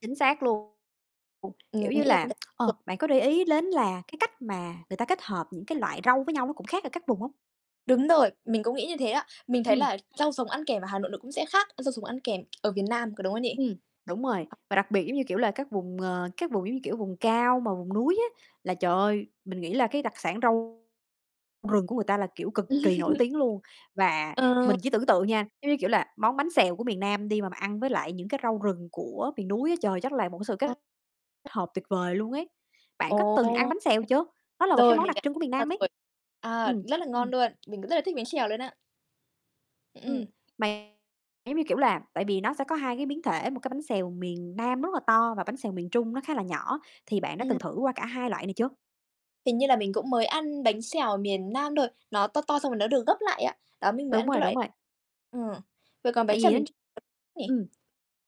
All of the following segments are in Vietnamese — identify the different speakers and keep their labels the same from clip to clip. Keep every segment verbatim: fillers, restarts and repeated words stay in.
Speaker 1: Chính xác luôn.
Speaker 2: Mình
Speaker 1: Kiểu như
Speaker 2: nghĩ là có
Speaker 1: là, ờ,
Speaker 2: [unintelligible]
Speaker 1: bạn có để ý lến là cái cách mà người ta kết hợp những cái loại rau với nhau nó cũng khác ở các vùng hông?
Speaker 2: Đúng rồi, mình cũng nghĩ như thế á. Mình thấy
Speaker 1: Ừm.
Speaker 2: là rau sống ăn kèm ở Hà Nội nó cũng sẽ khác rau sống ăn kèm ở miền Nam, có đúng không nhỉ?
Speaker 1: Ừm, đúng rồi, và đặc biệt giống như, kiểu là, các vùng, ờ, các vùng giống như, kiểu, vùng cao mà vùng núi á, là trời ơi, mình nghĩ là cái đặc sản rau rừng của người ta, là kiểu, cực kỳ nổi tiếng luôn. Và
Speaker 2: Ờ.
Speaker 1: mình chỉ tưởng tượng nha, giống như kiểu là, món bánh xèo của miền Nam đi mà bạn ăn với lại những cái rau rừng của miền núi á, trời, chắc là một cái sự kết
Speaker 2: [unintelligible]
Speaker 1: hợp tuyệt vời luôn ấy. Bạn có
Speaker 2: Ồ.
Speaker 1: từng ăn bánh xèo chưa? Nó là một cái
Speaker 2: Rồi,
Speaker 1: món
Speaker 2: mình
Speaker 1: đặc
Speaker 2: hiểu
Speaker 1: trưng của miền
Speaker 2: ra
Speaker 1: Nam ấy.
Speaker 2: rồi. À,
Speaker 1: Ừm.
Speaker 2: rất là ngon luôn. Mình cũng rất là thích bánh xèo luôn á.
Speaker 1: Ừm,
Speaker 2: Ừm.
Speaker 1: mà giống như, kiểu là, tại vì nó sẽ có hai cái biến thể, một cái bánh xèo miền Nam rất là to và bánh xèo miền Trung nó khá là nhỏ, thì bạn đã
Speaker 2: Ừm.
Speaker 1: từng thử qua cả hai loại này chưa?
Speaker 2: Hình như là mình cũng mới ăn bánh xèo miền Nam thôi, nó to to xong rồi nó được gấp lại á. Đó, mình mới
Speaker 1: Đúng
Speaker 2: ăn cái
Speaker 1: rồi, đúng
Speaker 2: loại
Speaker 1: rồi.
Speaker 2: ừm, vậy còn bánh
Speaker 1: Tại
Speaker 2: xèo
Speaker 1: vì á
Speaker 2: miền Trung nhỉ?
Speaker 1: ừm,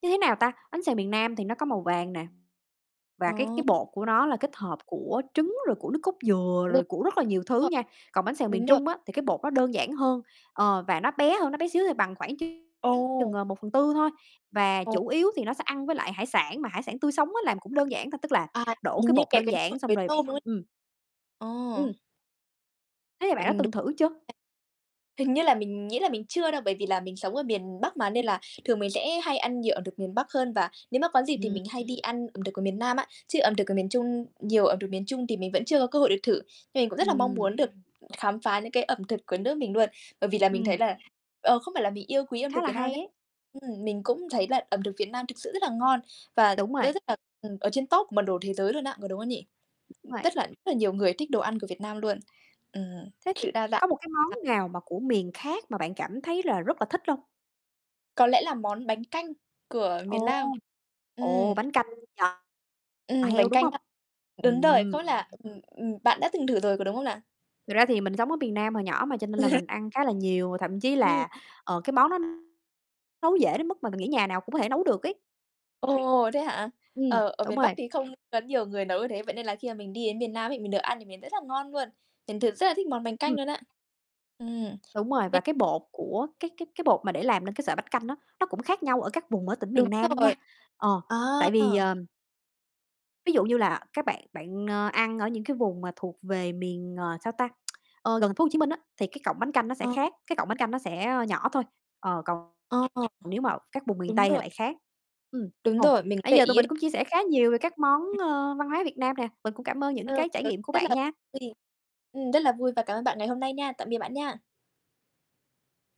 Speaker 1: như thế nào ta, bánh xèo miền Nam thì nó có màu vàng nè, và cái
Speaker 2: Ồ.
Speaker 1: cái bột của nó là kết hợp của trứng rồi của nước cốt dừa
Speaker 2: Đúng
Speaker 1: rồi của rất là nhiều thứ
Speaker 2: rồi,
Speaker 1: nha. Còn bánh xèo miền
Speaker 2: đúng rồi.
Speaker 1: Trung á thì cái bột nó đơn giản hơn, ờ, và nó bé hơn, nó bé xíu thôi bằng khoảng chừng,
Speaker 2: Ồ!
Speaker 1: ờ, một phần tư thôi, và
Speaker 2: Ồ.
Speaker 1: chủ yếu thì nó sẽ ăn với lại hải sản mà hải sản tươi sống á làm cũng đơn giản thôi. Tức là
Speaker 2: À,
Speaker 1: đổ
Speaker 2: hình
Speaker 1: cái
Speaker 2: như
Speaker 1: bột
Speaker 2: kẹp
Speaker 1: đơn
Speaker 2: cái mực
Speaker 1: giản xong
Speaker 2: với
Speaker 1: rồi
Speaker 2: tôm, đúng
Speaker 1: ừm.
Speaker 2: không? Ồ.
Speaker 1: Ừm. Thế thì bạn
Speaker 2: Ừm,
Speaker 1: đó
Speaker 2: đúng.
Speaker 1: từng thử chưa?
Speaker 2: [unintelligible] Hình như là mình nghĩ là mình chưa đâu, bởi vì là mình sống ở miền Bắc mà, nên là thường mình sẽ hay ăn nhiều ẩm thực miền Bắc hơn, và nếu mà có dịp thì
Speaker 1: Ừm.
Speaker 2: mình hay đi ăn ẩm thực của miền Nam á. Chứ ẩm thực của miền Trung nhiều ẩm thực miền Trung thì mình vẫn chưa cơ hội được thử, nhưng mình cũng rất là mong
Speaker 1: Ừm.
Speaker 2: muốn được khám phá những cái ẩm thực của nước mình nuôn. Bởi vì là mình thấy
Speaker 1: Ừm.
Speaker 2: là, ờ, không phải là mình yêu quý ẩm
Speaker 1: Khá
Speaker 2: thực
Speaker 1: là
Speaker 2: Việt Nam đâu nhá,
Speaker 1: hay ấy.
Speaker 2: ừm, mình cũng thấy là ẩm thực Việt Nam thực sự rất là ngon và
Speaker 1: Đúng
Speaker 2: nó
Speaker 1: rồi.
Speaker 2: rất là, ừm, ở trên top của bản đồ thế giới luôn á, có đúng không nhỉ?
Speaker 1: Đúng
Speaker 2: Ừm,
Speaker 1: rồi.
Speaker 2: tức là rất là nhiều người thích đồ ăn của Việt Nam luôn. Ừm,
Speaker 1: Thế thì
Speaker 2: sự đa dạng.
Speaker 1: có một cái
Speaker 2: À.
Speaker 1: món nào mà của miền khác mà bạn cảm thấy là rất là thích lông?
Speaker 2: Có lẽ là món bánh canh của miền
Speaker 1: Ồ,
Speaker 2: Nam.
Speaker 1: ồ,
Speaker 2: Ừm.
Speaker 1: bánh canh giò
Speaker 2: Ừm,
Speaker 1: heo
Speaker 2: bánh
Speaker 1: đúng
Speaker 2: canh
Speaker 1: hông?
Speaker 2: á, đúng rồi. Không
Speaker 1: Ừm.
Speaker 2: biết là ừm, ừm, bạn đã từng thử rồi có đúng không nà?
Speaker 1: Thật ra thì mình sống ở miền Nam hồi nhỏ mà cho nên là mình ăn khá là nhiều, và thậm chí
Speaker 2: Ừm.
Speaker 1: là, ờ, cái món đó nấu dễ đến mức mà mình nghĩ nhà nào cũng có thể nấu được ấy.
Speaker 2: Ồ, thế hả?
Speaker 1: Ừm,
Speaker 2: Ờ, ở
Speaker 1: đúng
Speaker 2: miền Bắc
Speaker 1: rồi.
Speaker 2: thì không có nhiều người nấu như thế, vậy nên là khi mà mình đi đến miền Nam ấy, mình được ăn thì miền rất là ngon nuôn, mình thực rất là thích món bánh canh
Speaker 1: Ừm.
Speaker 2: luôn á, ừm.
Speaker 1: Đúng rồi, và
Speaker 2: Bên
Speaker 1: cái bột của cái cái cái bột mà để làm nên cái sợi bánh canh á, nó cũng khác nhau ở các vùng ở tỉnh
Speaker 2: Đúng
Speaker 1: miền Nam nha.
Speaker 2: rồi.
Speaker 1: Ờ,
Speaker 2: À.
Speaker 1: tại vì, ờm Ví dụ như là các bạn bạn, oe, ăn ở những cái vùng mà thuộc về miền, ờ, sao ta, ơ, gần th phố Hồ Chí Minh á, thì cái cọng bánh canh nó sẽ
Speaker 2: Ờ.
Speaker 1: khác, cái cọng bánh canh nó sẽ nhỏ thôi, ờ, còn
Speaker 2: Ờ.
Speaker 1: nếu mà các vùng miền
Speaker 2: Đúng
Speaker 1: Tây thì
Speaker 2: rồi.
Speaker 1: lại khác. Ừm,
Speaker 2: Đúng
Speaker 1: ồ,
Speaker 2: rồi, mình có
Speaker 1: nãy
Speaker 2: để
Speaker 1: giờ tụi
Speaker 2: [unintelligible]
Speaker 1: mình cũng chia sẻ khá nhiều về các món, ơ, văn hóa Việt Nam nè, mình cũng cảm ơn những
Speaker 2: Ừm,
Speaker 1: cái trải
Speaker 2: tớ
Speaker 1: nghiệm
Speaker 2: cũng
Speaker 1: của
Speaker 2: rất
Speaker 1: bạn
Speaker 2: là
Speaker 1: nha.
Speaker 2: vui. Ừm, rất là vui và cảm ơn bạn ngày hôm nay nha. Tạm biệt bạn nha.